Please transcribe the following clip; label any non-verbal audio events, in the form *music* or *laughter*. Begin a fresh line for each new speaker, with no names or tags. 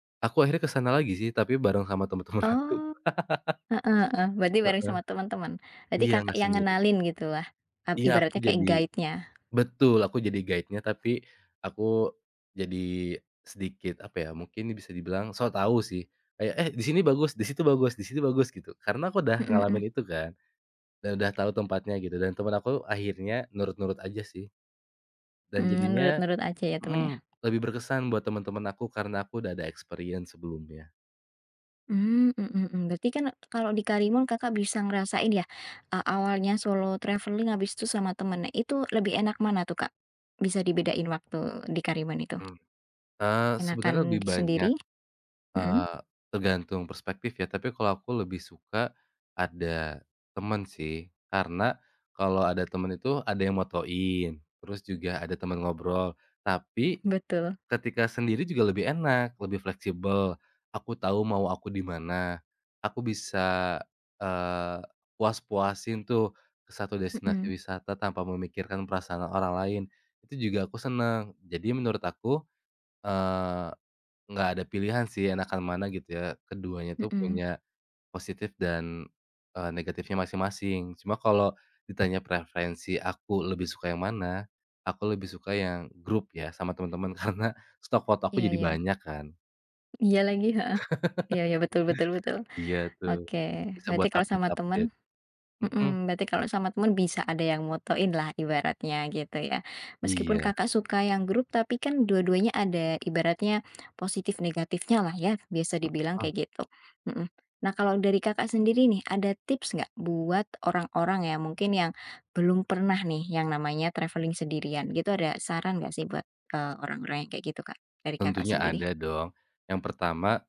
Aku akhirnya ke sana lagi sih, tapi bareng sama temen-temen aku.
Oh, heeh heeh.
*laughs*
Berarti bareng
Heeh,
sama temen-temen. Berarti
iya,
Kakak
enak
yang
sendiri.
ngenalin gitulah, mmm,
Iya, aku
ibaratnya kayak
jadi
guide-nya.
betul, aku jadi guide-nya tapi aku jadi sedikit apa ya, mungkin nih bisa dibilang sok tahu sih. Kayak, "Eh, di sini bagus, di situ bagus di situ bagus," gitu. Karena aku udah
Mhm, mmm.
ngalamin itu kan dan udah tahu tempatnya gitu. Dan temen aku akhirnya nurut-nurut aja sih. Dan
Mmm,
jadinya
nurut-nurut aja ya temennya.
mmm, lebih berkesan buat temen-temen aku, karena aku udah ada experience sebelumnya.
Mmm, mhm, mmm. Berarti kan kalau di Karimun Kakak bisa ngerasain ya, eee, awalnya solo travelling, habis itu sama temennya. Itu lebih enak mana tuh, Kak? Bisa dibedain waktu di Karimun itu?
Mmm, eee, sebenarnya
Enakan
lebih
di
banyak,
sendiri? Mhm.
eee, tergantung perspektif ya, tapi kalau aku lebih suka ada temen sih. Karena kalau ada temen itu ada yang motoin, terus juga ada temen ngobrol. Tapi,
Betul.
ketika sendiri juga lebih enak, lebih fleksibel, aku tahu mau aku di mana. Aku bisa, eee, puas-puasin tuh 1 destinasi
Mhm.
wisata tanpa memikirkan perasaan orang lain itu juga aku seneng. Jadi menurut aku, eee, nggak ada pilihan sih enakan mana gitu ya, keduanya tuh
Mmm.
punya positif dan, eee, negatifnya masing-masing. Cuma kalau ditanya preferensi aku lebih suka yang mana, aku lebih suka yang grup ya sama temen-temen. Karena stock foto aku
Iya
jadi
iya.
banyak kan.
Iya lagi, heeh, iya
*chuckles*
iya. Betul betul betul,
Iya tuh,
oke.
bisa
Berarti
buat
kalau sama teman
update-update. Mhm.
hmm, berarti kalau sama teman bisa ada yang motoinlah ibaratnya gitu ya. Meskipun
Iya.
Kakak suka yang grup, tapi kan dua-duanya ada ibaratnya positif, negatifnyalah ya bisa dibilang
Hmm.
kayak gitu, mhm. Nah, kalau dari Kakak sendiri nih, ada tips nggak buat orang-orang yang mungkin yang belum pernah nih yang namanya traveling sendirian gitu. Ada saran nggak sih buat, eee, orang-orang yang kayak gitu, Kak, dari Kakak
Tentunya
sendiri?
ada dong. Yang pertama